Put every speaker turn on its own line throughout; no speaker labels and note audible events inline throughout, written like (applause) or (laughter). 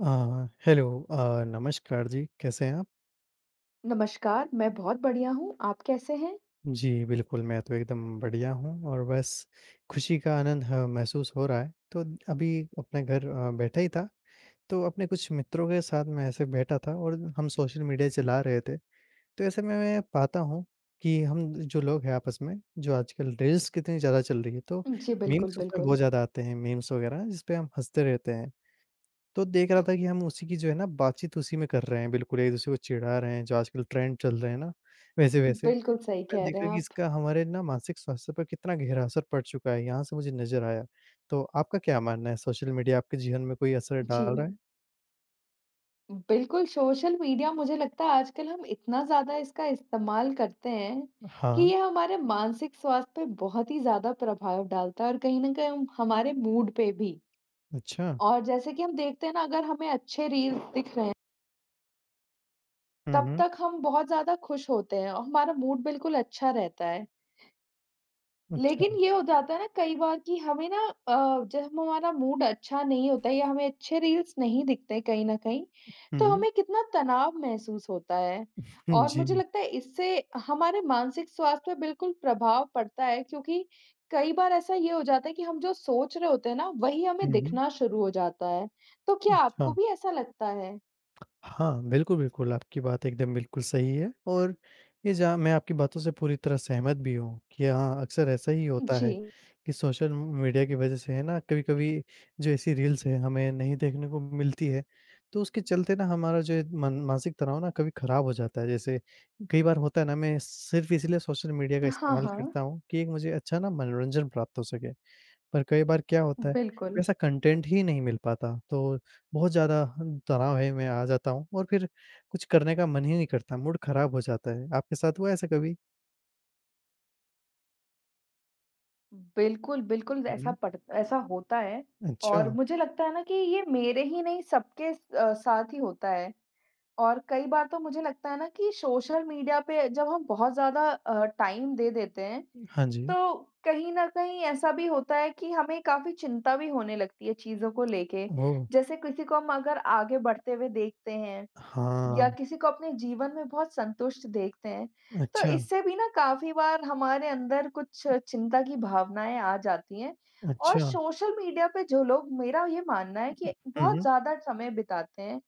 अ, hello अ, नमस्कार जी कैसे हैं आप?
नमस्कार, मैं बहुत बढ़िया हूँ। आप कैसे हैं?
जी, बिल्कुल मैं तो एकदम बढ़िया हूँ और बस खुशी का आनंद ह महसूस हो रहा है, तो अभी अपने घर अ, बैठा ही था, तो अपने कुछ मित्रों के साथ मैं ऐसे बैठा था और हम सोशल मीडिया चला रहे थे। तो ऐसे में मैं ये पाता हूँ, कि हम जो लोग हैं आपस में जो आजकल रील्स कितनी ज़्यादा चल रही है तो
जी, बिल्कुल,
मीम्स उसमें बहुत
बिल्कुल।
ज़्यादा आते हैं, मीम्स वगैरह जिसपे हम हँसते रहते हैं, तो देख रहा था कि हम उसी की जो है ना बातचीत उसी में कर रहे हैं, बिल्कुल एक दूसरे को चिढ़ा रहे हैं, जो आजकल ट्रेंड चल रहे हैं ना, वैसे-वैसे।
बिल्कुल, सही
मैंने
कह रहे
देखा
हैं
कि
आप।
इसका हमारे ना मानसिक स्वास्थ्य पर कितना गहरा असर पड़ चुका है, यहाँ से मुझे नज़र आया। तो आपका क्या मानना है सोशल मीडिया आपके जीवन में कोई असर डाल रहा
जी।
है?
बिल्कुल, सोशल मीडिया मुझे लगता है आजकल हम इतना ज़्यादा इसका इस्तेमाल करते हैं, कि
हाँ।
ये हमारे मानसिक स्वास्थ्य पे बहुत ही ज़्यादा प्रभाव डालता है और कहीं न कहीं हम हमारे मूड पे भी
अच्छा।
और जैसे कि हम देखते हैं ना अगर हमें अच्छे रील्स दिख रहे
हुँ,
तब
हुँ।
तक हम बहुत ज़्यादा खुश होते हैं और हमारा मूड बिल्कुल अच्छा रहता है। लेकिन
अच्छा।
ये हो जाता है ना कई बार कि हमें ना अ, जब हमारा मूड अच्छा नहीं होता या हमें अच्छे रील्स नहीं दिखते हैं कहीं न कहीं, तो
हुँ।
हमें कितना तनाव महसूस होता है।
उहुँ।
और मुझे
जी।
लगता है इससे हमारे मानसिक स्वास्थ्य पे बिल्कुल प्रभाव पड़ता है क्योंकि कई बार ऐसा ये हो जाता है कि हम जो सोच रहे होते हैं ना, वही हमें
हुँ, हुँ।
दिखना शुरू हो जाता है, तो क्या आपको
अच्छा।
भी ऐसा लगता है?
हाँ, बिल्कुल, बिल्कुल, आपकी बात एकदम बिल्कुल सही है और ये जहाँ मैं आपकी बातों से पूरी तरह सहमत भी हूँ, कि हाँ, अक्सर ऐसा ही होता है
जी।
कि सोशल म मीडिया की वजह से है ना, कभी-कभी जो ऐसी रील्स हैं, हमें नहीं देखने को मिलती है। तो उसके चलते ना हमारा जो है मन मानसिक तनाव ना कभी खराब हो जाता है, जैसे कई बार होता है ना, मैं सिर्फ़ इसीलिए सोशल मीडिया का
हाँ,
इस्तेमाल
हाँ।
करता हूँ कि एक मुझे अच्छा ना मनोरंजन प्राप्त हो सके। पर कई बार क्या होता है,
बिल्कुल।
वैसा कंटेंट ही नहीं मिल पाता, तो बहुत ज़्यादा ह तनाव है मैं आ जाता हूँ और फिर कुछ करने का मन ही नहीं करता, मूड खराब हो जाता है। आपके साथ हुआ है ऐसा कभी?
उम, बिल्कुल, बिल्कुल,
हुँ,
ऐसा
हुँ।
पड़ ऐसा होता है और
अच्छा।
मुझे लगता है ना कि ये मेरे ही नहीं, सबके स अ, साथ ही होता है। और कई बार तो मुझे लगता है ना कि सोशल मीडिया पे अ, जब हम बहुत ज़्यादा अ, टाइम दे देते हैं,
उम, हाँ जी।
तो कहीं न कहीं ऐसा भी होता है कि हमें काफ़ी चिंता भी होने लगती है चीज़ों को लेके।
भो
जैसे किसी को हम अगर आगे बढ़ते हुए देखते हैं, या
हाँ।
किसी को अपने जीवन में बहुत संतुष्ट देखते हैं, तो
अच्छा।
इससे भी ना काफ़ी बार हमारे अंदर कुछ चिंता की भावनाएँ आ जाती हैं। और
अच्छा।
सोशल मीडिया पे जो लोग, मेरा ये मानना है कि
हुँ,
बहुत
हुँ।
ज़्यादा समय बिताते हैं,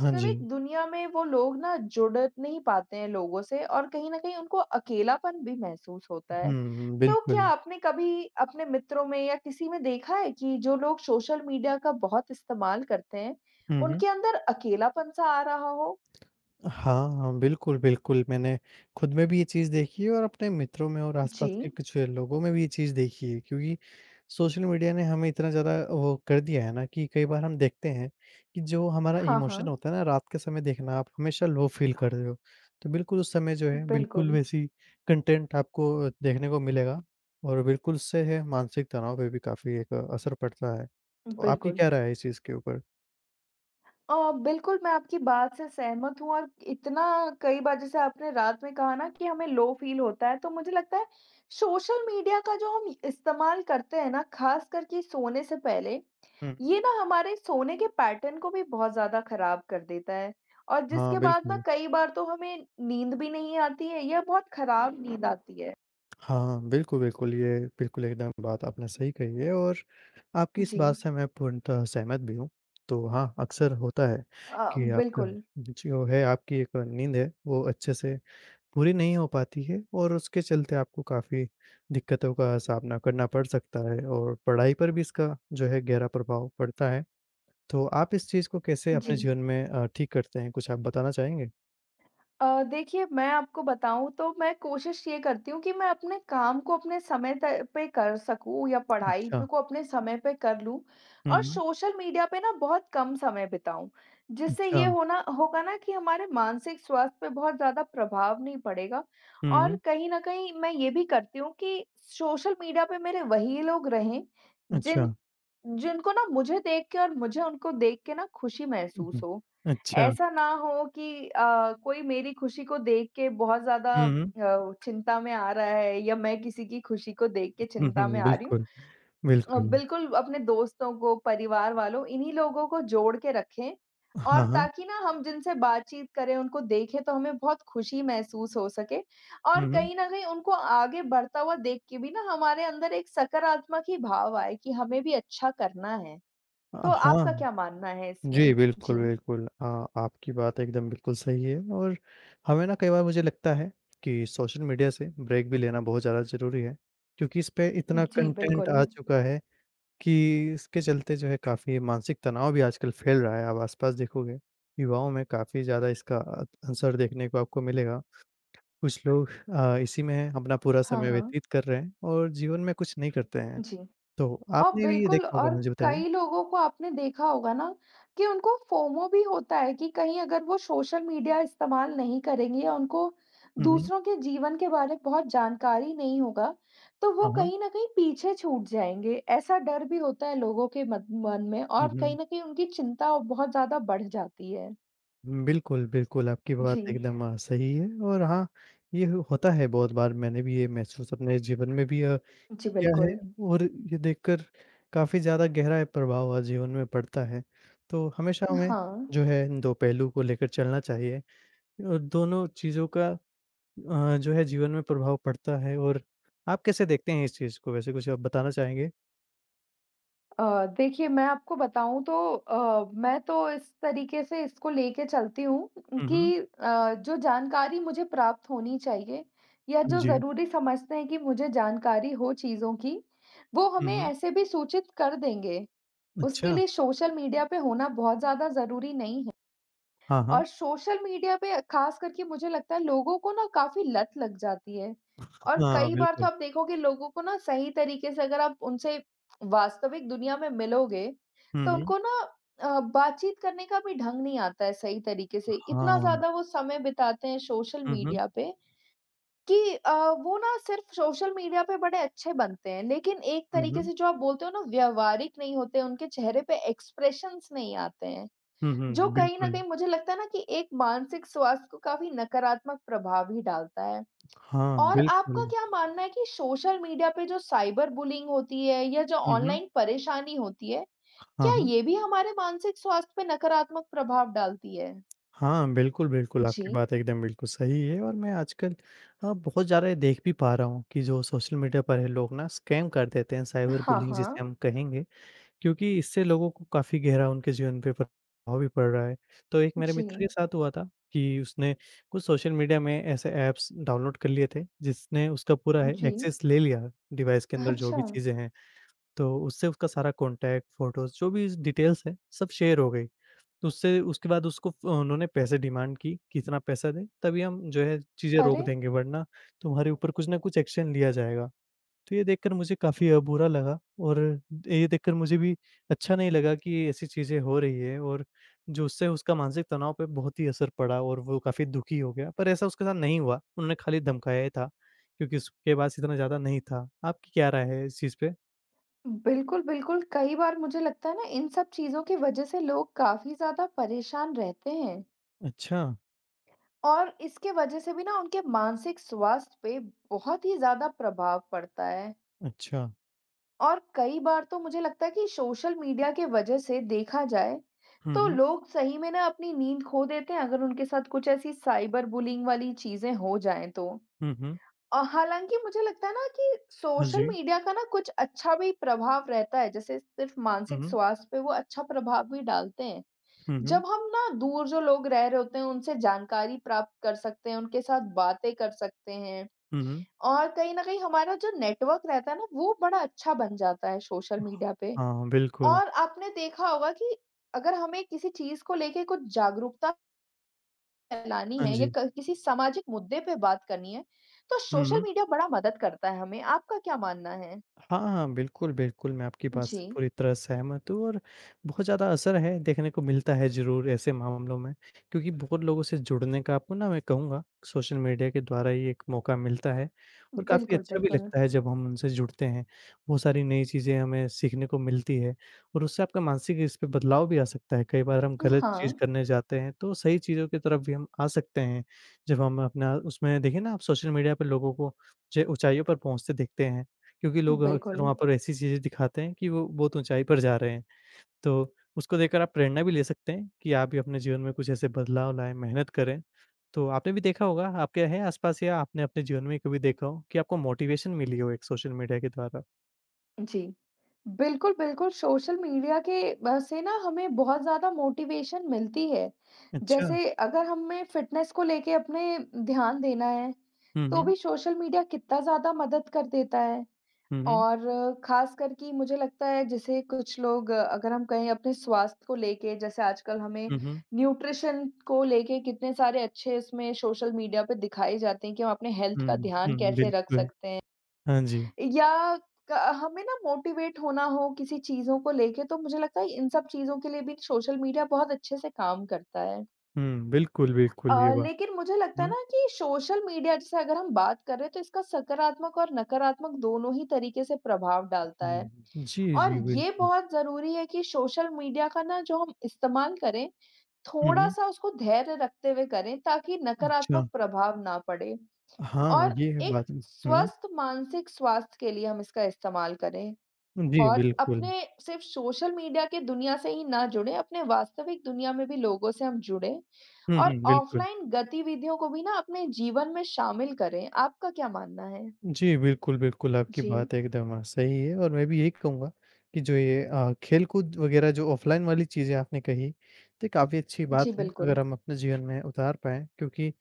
हाँ जी।
दुनिया में वो लोग ना, जुड़ नहीं पाते हैं लोगों से और कहीं न कहीं उनको अकेलापन भी महसूस होता है।
उहुँ,
तो क्या
बिल्कुल।
आपने कभी अपने मित्रों में या किसी में देखा है कि जो लोग सोशल मीडिया का बहुत इस्तेमाल करते हैं,
हुँ, हुँ।
उनके अंदर अकेलापन-सा आ रहा हो?
हाँ, हाँ, बिल्कुल, बिल्कुल, मैंने खुद में भी ये चीज़ देखी है और अपने मित्रों में और आसपास के
जी।
कुछ लोगों में भी ये चीज़ देखी है। क्योंकि सोशल मीडिया ने हमें इतना ज़्यादा अ, वो कर दिया है ना कि कई बार हम देखते हैं कि जो हमारा
हाँ,
इमोशन
हाँ।
होता है ना, रात के समय देखना आप, हमेशा लो फ़ील कर रहे हो। तो बिल्कुल, उस समय जो है, बिल्कुल
बिल्कुल।
वैसी कंटेंट आपको देखने को मिलेगा और बिल्कुल उससे है, मानसिक तनाव पे भी काफ़ी एक असर पड़ता है। तो आपकी
बिल्कुल।
क्या राय है इस चीज़ के ऊपर?
अ, बिल्कुल, मैं आपकी बात से सहमत हूँ और इतना कई बार जैसे आपने रात में कहा ना कि हमें लो फ़ील होता है तो मुझे लगता है सोशल मीडिया का जो हम इस्तेमाल करते हैं ना ख़ासकर कि सोने से पहले,
हुँ।
ये ना हमारे सोने के पैटर्न को भी बहुत ज़्यादा ख़राब कर देता है और
हाँ,
जिसके बाद ना
बिल्कुल।
कई बार तो हमें नींद भी नहीं आती है या बहुत ख़राब नींद आती है।
हाँ, हाँ। बिल्कुल, बिल्कुल। ये बिल्कुल एकदम बात आपने सही कही है और आपकी इस बात
जी।
से मैं पूर्णतः सहमत भी हूँ। तो हाँ, अक्सर होता है
अ,
कि आपका
बिल्कुल।
जो है आपकी एक नींद है, वो अच्छे से पूरी नहीं हो पाती है और उसके चलते आपको काफ़ी दिक्कतों का सामना करना पड़ सकता है और पढ़ाई पर भी इसका जो है गहरा प्रभाव पड़ता है। तो आप इस चीज़ को कैसे अपने जीवन
जी।
में अ, ठीक करते हैं? कुछ आप बताना चाहेंगे?
अ, देखिए मैं आपको बताऊँ तो मैं कोशिश ये करती हूँ कि, मैं अपने काम को अपने समय तय पे कर सकूँ या पढ़ाई पे
अच्छा।
को अपने समय पे कर लूँ और
हुँ।
सोशल मीडिया पे ना बहुत कम समय बिताऊँ, जिससे ये
अच्छा।
होना होगा ना कि हमारे मानसिक स्वास्थ्य पे बहुत ज़्यादा प्रभाव नहीं पड़ेगा और
हुँ।
कहीं न कहीं मैं ये भी करती हूँ कि सोशल मीडिया पे मेरे वही लोग रहें जिन
अच्छा।
जिनको ना मुझे देख के और मुझे उनको देख के ना खुशी महसूस
उहुँ,
हो।
अच्छा।
ऐसा ना हो कि अ, कोई मेरी खुशी को देख के बहुत ज़्यादा
हुँ, हुँ।
अ, चिंता में आ रहा है या मैं किसी की खुशी को देख के चिंता में
(chuckles)
आ रही हूँ।
बिल्कुल,
अ,
बिल्कुल।
बिल्कुल अपने दोस्तों को परिवार वालों इन्हीं लोगों को जोड़ के रखें, और
हाँ, हाँ।
ताकि ना हम जिनसे बातचीत करें उनको देखें तो हमें बहुत खुशी महसूस हो सके
हुँ,
और
हुँ।
कहीं न कहीं उनको आगे बढ़ता हुआ देख के भी ना हमारे अंदर एक सकारात्मक ही भाव आए कि हमें भी अच्छा करना है।
अ,
तो
हाँ।
आपका क्या मानना है
जी,
इसमें?
बिल्कुल,
जी।
बिल्कुल। अ, आपकी बात एकदम बिल्कुल सही है और हमें ना कई बार मुझे लगता है कि सोशल मीडिया से ब्रेक भी लेना बहुत ज़्यादा ज़रूरी है क्योंकि इस पे इतना
जी,
कंटेंट
बिल्कुल।
आ चुका है, कि इसके चलते जो है काफ़ी मानसिक तनाव भी आजकल फैल रहा है। आप आस-पास देखोगे विवाहों में काफ़ी ज़्यादा इसका अ, असर देखने को आपको मिलेगा। कुछ लोग अ, इसी में अपना पूरा
हाँ,
समय
हाँ।
व्यतीत कर रहे हैं और जीवन में कुछ नहीं करते हैं।
जी।
तो
अ,
आपने भी
बिल्कुल
देखा होगा
और
हाँ जी, बताइए।
कई लोगों को आपने देखा होगा ना कि उनको फोमो भी होता है कि कहीं अगर वो सोशल मीडिया इस्तेमाल नहीं करेंगे या उनको
हुँ, हुँ।
दूसरों के जीवन के बारे में बहुत जानकारी नहीं होगा, तो वो
हाँ, हाँ।
कहीं न कहीं पीछे छूट जाएँगे। ऐसा डर भी होता है लोगों के मन मन में और
उहुँ।
कहीं न कहीं उनकी चिंता बहुत ज़्यादा बढ़ जाती है।
उम, बिल्कुल, बिल्कुल, आपकी बात
जी।
एकदम अ, सही है और हाँ, ये हु होता है बहुत बार, मैंने भी ये महसूस अपने जीवन में भी अ,
जी,
किया है
बिल्कुल।
और ये देखकर काफ़ी ज़्यादा गहरा अ, प्रभाव अ, जीवन में पड़ता है। तो हमेशा
अ,
हमें
हाँ।
जो है दो पहलू को लेकर चलना चाहिए। अ, दोनों चीज़ों का अ, जो है जीवन में प्रभाव पड़ता है और आप कैसे देखते हैं इस चीज़ को, वैसे कुछ आप बताना चाहेंगे?
अ, देखिए मैं आपको बताऊँ तो अ, मैं तो इस तरीके से इसको लेके चलती हूँ उम,
हुँ, हुँ।
कि अ, जो जानकारी मुझे प्राप्त होनी चाहिए या जो
जी।
ज़रूरी समझते हैं कि मुझे जानकारी हो चीज़ों की, वो
हुँ,
हमें
हुँ।
ऐसे भी सूचित कर देंगे, उसके
अच्छा।
लिए सोशल मीडिया पे होना बहुत ज़्यादा ज़रूरी नहीं है।
हाँ, हाँ।
और सोशल मीडिया पे अ, ख़ास करके मुझे लगता है लोगों को ना काफ़ी लत लग जाती है। और
हाँ,
कई बार तो
बिल्कुल।
आप देखोगे लोगों को ना सही तरीके से अगर आप उनसे वास्तविक दुनिया में मिलोगे,
हुँ,
तो
हुँ।
उनको ना अ, बातचीत करने का भी ढंग नहीं आता है सही तरीके से। इतना
हाँ।
ज़्यादा वो समय बिताते हैं सोशल
हुँ, हुँ।
मीडिया पे कि अ, वो ना सिर्फ़ सोशल मीडिया पे बड़े अच्छे बनते हैं, लेकिन एक
हुँ,
तरीके
हुँ।
से जो आप बोलते हो ना व्यावहारिक नहीं होते, उनके चेहरे पे एक्सप्रेशंस नहीं आते हैं,
हुँ, हुँ,
जो
हुँ,
कहीं न
बिल्कुल।
कहीं मुझे लगता है ना कि एक मानसिक स्वास्थ्य को काफ़ी नकारात्मक प्रभाव ही डालता है।
हाँ,
और आपका
बिल्कुल।
क्या मानना है कि सोशल मीडिया पे जो साइबर बुलींग होती है या जो
हुँ, हुँ।
ऑनलाइन परेशानी होती है,
हाँ,
क्या
हाँ।
ये भी हमारे मानसिक स्वास्थ्य पे नकारात्मक प्रभाव डालती है?
हाँ, बिल्कुल, बिल्कुल, आपकी
जी।
बात एकदम बिल्कुल सही है और मैं आजकल अ, बहुत ज़्यादा ये देख भी पा रहा हूँ कि जो सोशल मीडिया पर है लोग ना, स्कैम कर देते हैं,
अ,
साइबर
हाँ,
बुलींग जिसे
हाँ।
हम कहेंगे, क्योंकि इससे लोगों को काफ़ी गहरा उनके जीवन पे प्रभाव भी पड़ रहा है। तो एक मेरे मित्र के
जी।
साथ हुआ था कि उसने कुछ सोशल मीडिया में ऐसे ऐप्स डाउनलोड कर लिए थे, जिसने उसका पूरा है
जी।
एक्सेस ले लिया डिवाइस के अंदर जो भी
अच्छा।
चीज़ें हैं। तो उससे उसका सारा कॉन्टैक्ट, फ़ोटोज़, जो भी ज़ डिटेल्स हैं, सब शेयर हो गईं। तो उससे उसके बाद उसको फ़ो उन्होंने पैसे डिमांड की कि, "इतना पैसा दें, तभी हम जो है चीज़ें रोक
अरे!
देंगे, वरना तुम्हारे ऊपर कुछ ना कुछ एक्शन लिया जाएगा।" तो ये देखकर मुझे काफ़ी अ, बुरा लगा और ये देखकर मुझे भी अच्छा नहीं लगा कि ऐसी चीज़ें हो रही हैं और जो उससे उसका मानसिक तनाव पे बहुत ही असर पड़ा और वो काफ़ी दुखी हो गया। पर ऐसा उसके साथ नहीं हुआ, उन्होंने खाली धमकाया ही था क्योंकि उसके पास इतना ज़्यादा नहीं था। आपकी क्या राय है इस चीज़ पे?
बिल्कुल, बिल्कुल, कई बार मुझे लगता है ना, इन सब चीज़ों की वजह से लोग काफ़ी ज़्यादा परेशान रहते हैं।
अच्छा।
और इसके वजह से भी ना, उनके मानसिक स्वास्थ्य पे बहुत ही ज़्यादा प्रभाव पड़ता है।
अच्छा।
और कई बार तो मुझे लगता है कि सोशल मीडिया के वजह से देखा जाए,
हुँ,
तो
हुँ।
लोग सही में ना अपनी नींद खो देते हैं, अगर उनके साथ कुछ ऐसी साइबर बुलिंग वाली चीज़ें हो जाएँ तो।
हुँ, हुँ।
अ, हालाँकि मुझे लगता है ना कि
हाँ,
सोशल
जी।
मीडिया का ना कुछ अच्छा भी प्रभाव रहता है, जैसे सिर्फ़
हुँ,
मानसिक
हुँ।
स्वास्थ्य पे वो अच्छा प्रभाव भी डालते हैं।
हुँ,
जब
हुँ।
हम ना, दूर जो लोग रह रहे होते हैं, उनसे जानकारी प्राप्त कर सकते हैं, उनके साथ बातें कर सकते हैं,
हुँ, हुँ।
और कहीं न कहीं हमारा जो नेटवर्क रहता है ना, वो बड़ा अच्छा बन जाता है सोशल मीडिया पे।
हाँ, बिल्कुल।
और आपने देखा होगा कि अगर हमें किसी चीज़ को लेके कुछ जागरूकता फैलानी
हाँ
है या
जी।
क किसी सामाजिक मुद्दे पे बात करनी है, तो
हुँ,
सोशल
हुँ।
मीडिया बड़ा मदद करता है हमें। आपका क्या मानना है?
हाँ, हाँ, बिल्कुल, बिल्कुल, मैं आपकी बात से
जी।
पूरी तरह सहमत हूँ और बहुत ज़्यादा असर है, देखने को मिलता है ज़रूर, ऐसे मामलों में। क्योंकि बहुत लोगों से जुड़ने का आपको ना, मैं कहूँगा, सोशल मीडिया के द्वारा ही एक मौका मिलता है और काफ़ी
बिल्कुल,
अच्छा भी
बिल्कुल।
लगता है, जब हम उनसे जुड़ते हैं। बहुत सारी नई चीज़ें हमें सीखने को मिलती है और उससे आपका मानसिक इस पे बदलाव भी आ सकता है। कई बार हम
अ,
गलत चीज़
हाँ।
करने जाते हैं, तो सही चीज़ों की तरफ भी हम आ सकते हैं। जब हम अपना, उसमें देखें ना आप, सोशल मीडिया पर लोगों को जे ऊँचाइयों पर पहुँचते दिखते हैं, क्योंकि लोग अह अक्सर
बिल्कुल।
वहाँ पर ऐसी चीज़ें दिखाते हैं कि वो बहुत ऊँचाई पर जा रहे हैं। तो उसको देखकर आप प्रेरणा भी ले सकते हैं कि आप भी अपने जीवन में कुछ ऐसे बदलाव लाएँ, मेहनत करें। तो आपने भी देखा होगा, आपके है आसपास या आपने अपने जीवन में ही कभी देखा हो कि आपको मोटिवेशन मिली हो एक सोशल मीडिया के द्वारा?
जी। बिल्कुल, बिल्कुल, सोशल मीडिया के बा से ना हमें बहुत ज़्यादा मोटिवेशन मिलती है।
अच्छा।
जैसे अगर हमें फिटनेस को लेके अपने ध्यान देना है,
हुँ,
तो
हुँ।
भी सोशल मीडिया कितना ज़्यादा मदद कर देता है।
हुँ, हुँ।
और ख़ासकर कि मुझे लगता है, जैसे कुछ लोग अगर हम कहें अपने स्वास्थ्य को लेके, जैसे आजकल हमें
हुँ, हुँ।
न्यूट्रिशन को लेके कितने सारे अच्छे उसमें सोशल मीडिया पे दिखाए जाते हैं कि हम अपने हेल्थ
हुँ,
का ध्यान
हुँ,
कैसे रख
बिल्कुल।
सकते हैं?
हाँ जी।
या क हमें ना मोटिवेट होना हो किसी चीज़ों को लेके, तो मुझे लगता है इन सब चीज़ों के लिए भी सोशल मीडिया बहुत अच्छे से काम करता है।
हुँ, बिल्कुल, बिल्कुल, ये
अ,
बात
लेकिन मुझे लगता है
हुँ।
ना कि सोशल मीडिया जैसे अगर हम बात कर रहे हैं, तो इसका सकारात्मक और नकारात्मक दोनों ही तरीके से प्रभाव डालता है।
हुँ। जी,
और
जी,
ये
बिल्कुल।
बहुत ज़रूरी है कि सोशल मीडिया का ना, जो हम इस्तेमाल करें,
हुँ, हुँ।
थोड़ा-सा उसको धैर्य रखते हुए करें, ताकि नकारात्मक
अच्छा।
प्रभाव ना पड़े,
हाँ,
और
ये है
एक
बात। उहुँ।
स्वस्थ मानसिक स्वास्थ्य के लिए हम इसका इस्तेमाल करें।
उम, जी
और
बिल्कुल।
अपने सिर्फ़ सोशल मीडिया की दुनिया से ही ना जुड़े, अपने वास्तविक दुनिया में भी लोगों से हम जुड़े
हुँ,
और
हुँ बिल्कुल।
ऑफ़लाइन गतिविधियों को भी ना अपने जीवन में शामिल करें। आपका क्या मानना है?
जी, बिल्कुल, बिल्कुल। आपकी
जी।
बात एकदम सही है और मैं भी यही कहूँगा, कि जो ये अ, खेलकूद वग़ैरह, जो ऑफ़लाइन वाली चीज़ें आपने कहीं, तो ये काफ़ी अच्छी बात
जी,
है, अगर
बिल्कुल।
हम अपने जीवन में उतार पाएँ। क्योंकि,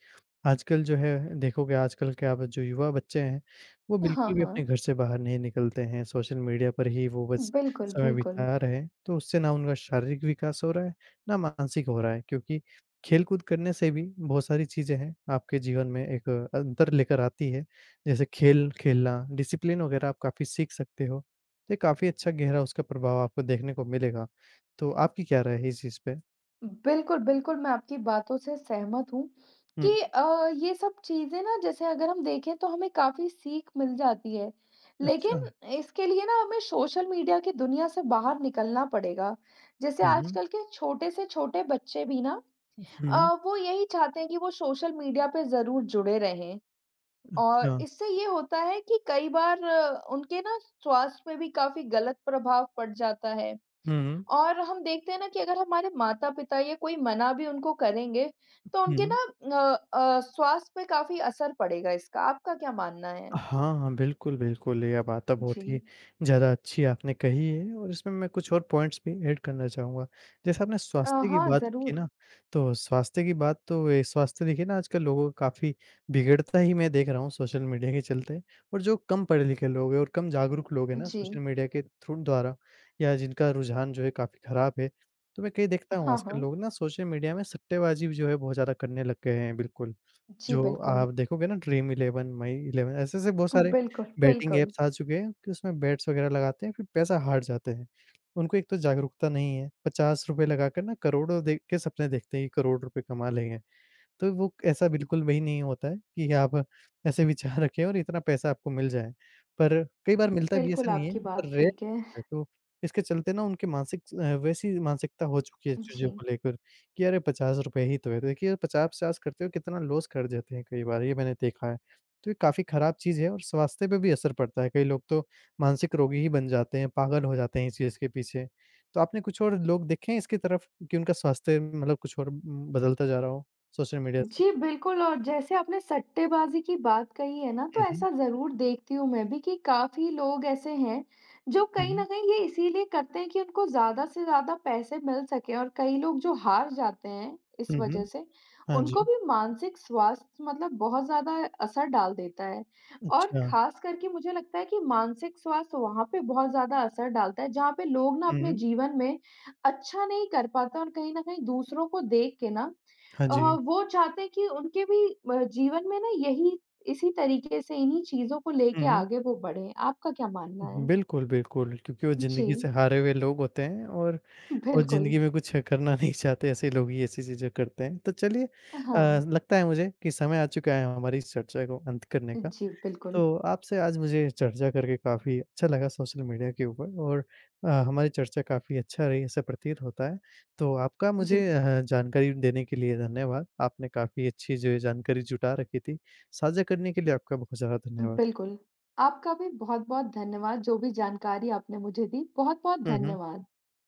आजकल जो है, देखोगे, आजकल क्या ब जो युवा बच्चे हैं, वो
अ, हाँ,
बिल्कुल भी अपने
हाँ।
घर से बाहर नहीं निकलते हैं, सोशल मीडिया पर ही वो बस
बिल्कुल,
समय
बिल्कुल।
बिता रहे हैं। तो उससे ना उनका शारीरिक विकास हो रहा है, ना मानसिक हो रहा है, क्योंकि खेलकूद करने से भी बहुत सारी चीज़ें हैं, आपके जीवन में एक अंतर लेकर आती हैं। जैसे खेल-खेलना, डिसिप्लिन वग़ैरह आप काफ़ी सीख सकते हो, तो ये काफ़ी अच्छा गहरा उसका प्रभाव आपको देखने को मिलेगा, तो आपकी क्या राय है इस चीज़ पे?
बिल्कुल, बिल्कुल, मैं आपकी बातों से सहमत हूँ
हुँ।
कि अ, ये सब चीज़ें ना, जैसे अगर हम देखें, तो हमें काफ़ी सीख मिल जाती है। लेकिन
अच्छा।
इसके लिए ना हमें सोशल मीडिया की दुनिया से बाहर निकलना पड़ेगा। जैसे
हुँ, हुँ।
आजकल के छोटे से छोटे बच्चे भी ना
उफ, हुँ,
अ,
हुँ।
वो यही चाहते हैं कि वो सोशल मीडिया पे ज़रूर जुड़े रहें, और
अच्छा।
इससे ये होता है कि कई बार उनके ना, स्वास्थ्य पे भी काफ़ी गलत प्रभाव पड़ जाता है।
हुँ, हुँ।
और हम देखते हैं ना कि अगर हमारे माता-पिता या कोई मना भी उनको करेंगे, तो
हुँ,
उनके
हुँ।
ना अ अ, स्वास्थ्य पे काफ़ी असर पड़ेगा इसका। आपका क्या मानना
अ,
है?
हाँ, हाँ, बिल्कुल, बिल्कुल। ये बात बहुत ही
जी।
ज़्यादा अच्छी आपने कही है और इसमें मैं कुछ और पॉइंट्स भी ऐड करना चाहूँगा। जैसा आपने
अ,
स्वास्थ्य की
हाँ,
बात की
ज़रूर।
ना, तो स्वास्थ्य की बात तो ये स्वास्थ्य, देखिए ना, आजकल लोगों का काफ़ी बिगड़ता ही मैं देख रहा हूँ सोशल मीडिया के चलते। और जो कम पढ़े लिखे लोग हैं और कम जागरूक लोग हैं ना, सोशल
जी।
मीडिया के थ्रू द्वारा, या जिनका रुझान जो है काफ़ी खराब है, तो मैं कई
अ,
देखता हूँ,
हाँ,
आजकल
हाँ।
लोग ना सोशल मीडिया में सट्टेबाज़ी भी जो है, बहुत ज़्यादा करने लग गए हैं, बिल्कुल।
जी,
जो
बिल्कुल।
आप देखोगे ना, ड्रीम 11, माई 11, ऐसे-ऐसे बहुत सारे
बिल्कुल,
बेटिंग
बिल्कुल।
ऐप्स आ चुके हैं कि उसमें बेट्स वगैरह लगाते हैं, फिर पैसा हार जाते हैं। उनको एक तो जागरूकता नहीं है, ₹50 लगा कर ना, करोड़ों दे के सपने देखते हैं कि करोड़ रुपए कमा लेंगे। तो वो ऐसा बिल्कुल वही नहीं होता है कि आप ऐसे विचार रखें और इतना पैसा आपको मिल जाए। पर कई बार मिलता भी है,
बिल्कुल,
ऐसा नहीं है,
आपकी
पर
बात
रेयर
ठीक है।
है। तो इसके चलते ना, उनके मानसिक स अ, वैसी मानसिकता हो चुकी है चीज़ों
जी।
को लेकर कि, "अरे! ₹50 ही तो है।" तो देखिए, आप 50-50 करते हुए कितना लॉस कर जाते हैं कई बार, ये मैंने देखा है। तो ये काफ़ी खराब चीज़ है और स्वास्थ्य पे भी असर पड़ता है, कई लोग तो मानसिक रोगी ही बन जाते हैं, पागल हो जाते हैं इस चीज़ के पीछे। तो आपने कुछ और लोग देखे हैं इसकी तरफ कि उनका स्वास्थ्य अम, मतलब कुछ और उम, बदलता जा रहा हो, सोशल मीडिया से?
जी, बिल्कुल, और जैसे आपने सट्टेबाज़ी की बात कही है ना, तो
हुँ, हुँ।
ऐसा ज़रूर देखती हूँ मैं भी कि काफ़ी लोग ऐसे हैं, जो
हुँ,
कहीं
हुँ।
न कहीं ये इसीलिए करते हैं कि उनको ज़्यादा से ज़्यादा पैसे मिल सकें और कई लोग जो हार जाते हैं, इस
हुँ,
वजह
हुँ।
से,
हाँ
उनको
जी।
भी मानसिक स्वास्थ्य मतलब बहुत ज़्यादा असर डाल देता है। और
अच्छा।
खासकर के मुझे लगता है कि मानसिक स्वास्थ्य वहाँ पे बहुत ज़्यादा असर डालता है, जहाँ पे लोग ना अपने
हुँ।
जीवन में अच्छा नहीं कर पाते और कहीं न कहीं दूसरों को देख के ना
हाँ
अ,
जी।
वो चाहते हैं कि उनके भी म जीवन में ना यही इसी तरीके से, इन्हीं चीज़ों को
हुँ,
लेके
हुँ।
आगे वो बढ़ें। आपका क्या मानना
उहुँ,
है?
बिल्कुल, बिल्कुल, क्योंकि वो ज़िंदगी से
जी।
हारे हुए लोग होते हैं और वो
बिल्कुल।
ज़िंदगी में कुछ करना नहीं चाहते, ऐसे लोग ही ऐसी चीज़ें करते हैं। तो चलिए अ,
अ, हाँ।
ज़ लगता है मुझे कि समय आ चुका है हमारी इस चर्चा को अंत करने का।
जी, बिल्कुल।
तो आपसे आज मुझे चर्चा करके काफ़ी अच्छा लगा सोशल मीडिया के ऊपर और अ, हमारी चर्चा काफ़ी अच्छा रही, ऐसा प्रतीत होता है। तो आपका मुझे
जी।
अ, ह जानकारी देने के लिए धन्यवाद। आपने काफ़ी अच्छी जो है जानकारी जुटा रखी थी। साझा करने के लिए आपका बहुत ज़्यादा
उम,
धन्यवाद।
बिल्कुल। आपका भी बहुत-बहुत धन्यवाद, जो भी जानकारी आपने मुझे दी, बहुत-बहुत
हुँ, हुँ।
धन्यवाद।